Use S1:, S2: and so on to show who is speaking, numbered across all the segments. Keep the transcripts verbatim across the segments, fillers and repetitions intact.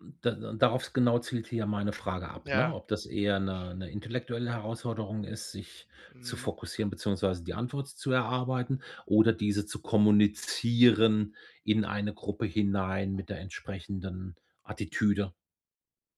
S1: M da da darauf genau zielt hier meine Frage ab, ne?
S2: Ja.
S1: Ob das eher 'ne 'ne intellektuelle Herausforderung ist, sich zu
S2: Mhm.
S1: fokussieren beziehungsweise die Antwort zu erarbeiten oder diese zu kommunizieren in eine Gruppe hinein mit der entsprechenden Attitüde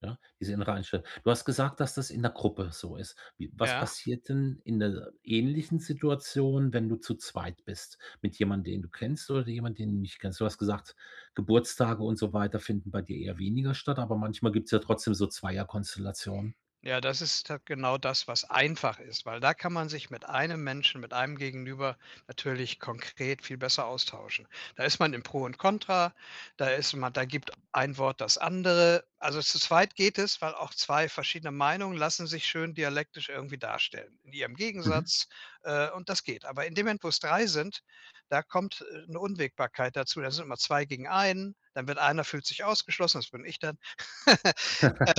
S1: ja, diese innere Einstellung. Du hast gesagt, dass das in 'ner Gruppe so ist. Wie was
S2: Ja.
S1: passiert denn in 'ner ähnlichen Situation, wenn du zu zweit bist mit jemand, den du kennst oder de jemand, den du nicht kennst? Du hast gesagt, Geburtstage und so weiter finden bei dir eher weniger statt, aber manchmal gibt's ja trotzdem so Zweierkonstellationen.
S2: Ja, das ist da genau das, was einfach ist, weil da kann man sich mit einem Menschen, mit einem Gegenüber natürlich konkret viel besser austauschen. Da ist man im Pro und Kontra, da ist man da gibt ein Wort das andere. Also zu zweit geht es, weil auch zwei verschiedene Meinungen lassen sich schön dialektisch irgendwie darstellen in ihrem
S1: Mhm.
S2: Gegensatz, äh, und das geht. Aber in dem Moment, wo's drei sind, da kommt, äh, 'ne Unwägbarkeit dazu. Da sind immer zwei gegen einen, dann wird einer fühlt sich ausgeschlossen das bin ich dann.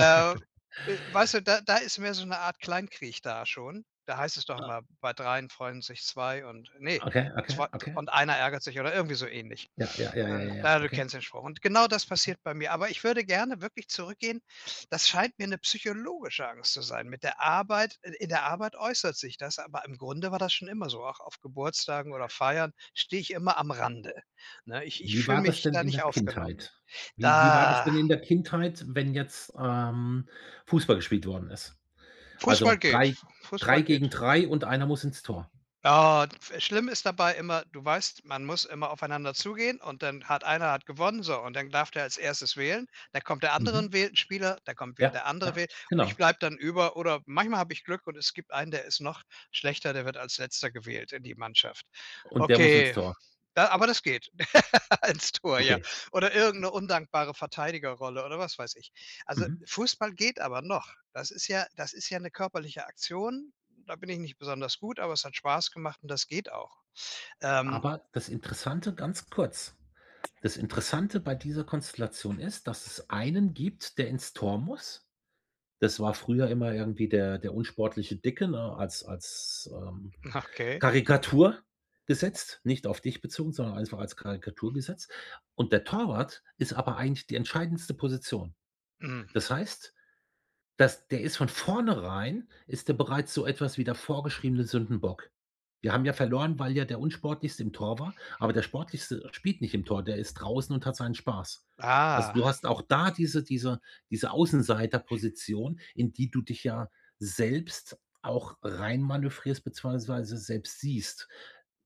S2: Ähm, w weißt du, da da ist mehr so 'ne Art Kleinkrieg da schon. Da heißt es doch
S1: Ah.
S2: immer: „Bei dreien freuen sich zwei und, ne,
S1: Okay, okay,
S2: zw t
S1: okay.
S2: und einer ärgert sich” oder irgendwie so ähnlich.
S1: Ja, ja, ja, ja,
S2: Und,
S1: ja, ja,
S2: na, du
S1: okay.
S2: kennst den Spruch. Und genau das
S1: Okay.
S2: passiert bei mir. Aber ich würde gerne wirklich zurückgehen das scheint mir 'ne psychologische Angst zu sein. Mit der Arbeit äh, in der Arbeit äußert sich das, aber im Grunde war das schon immer so. Auch auf Geburtstagen oder Feiern stehe ich immer am Rande, ne? Ich ich
S1: Wie
S2: fühle
S1: war das
S2: mich
S1: denn
S2: da
S1: in der
S2: nicht aufgenommen.
S1: Kindheit? Wie wie war das
S2: Da
S1: denn in der Kindheit, wenn jetzt, ähm, Fußball gespielt worden ist?
S2: Fußball
S1: Also
S2: geht.
S1: drei drei
S2: Fußball
S1: gegen
S2: geht.
S1: drei und einer muss ins Tor.
S2: Ah. [unintelligible] Schlimm ist dabei immer: Du weißt, man muss immer aufeinander zugehen und dann hat einer hat gewonnen, so. Und dann darf der als erstes wählen. Da kommt der andere
S1: Mhm.
S2: und wählt 'n Spieler, da kommt wieder
S1: Ja,
S2: der andere
S1: ja,
S2: wähl und ich
S1: genau.
S2: bleibe dann über. Oder manchmal habe ich Glück und es gibt einen, der ist noch schlechter, der wird als Letzter gewählt in die Mannschaft.
S1: Und der muss ins
S2: Okay,
S1: Tor.
S2: da aber das geht. Ins Tor, ja.
S1: Okay.
S2: Oder irgend 'ne undankbare Verteidigerrolle oder was weiß ich. Also
S1: Mhm.
S2: Fußball geht aber noch. Das ist ja das ist ja 'ne körperliche Aktion. Da bin ich nicht besonders gut, aber es hat Spaß gemacht und das geht auch, ähm.
S1: Aber das Interessante ganz kurz, das Interessante bei dieser Konstellation ist, dass es einen gibt, der ins Tor muss. Das war früher immer irgendwie der der unsportliche Dicke, ne? Als als, ähm,
S2: Okay.
S1: Karikatur gesetzt, nicht auf dich bezogen, sondern einfach als Karikatur gesetzt. Und der Torwart ist aber eigentlich die entscheidendste Position.
S2: Hm.
S1: Das heißt, dass der ist von vornherein ist der bereits so etwas wie der vorgeschriebene Sündenbock. Wir haben ja verloren, weil, ja, der Unsportlichste im Tor war, aber der Sportlichste spielt nicht im Tor. Der ist draußen und hat seinen Spaß. Also,
S2: Ah.
S1: du hast auch da diese diese diese Außenseiterposition, in die du dich ja selbst auch reinmanövrierst beziehungsweise selbst siehst,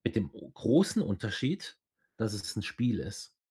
S1: mit dem großen Unterschied, dass es 'n Spiel ist.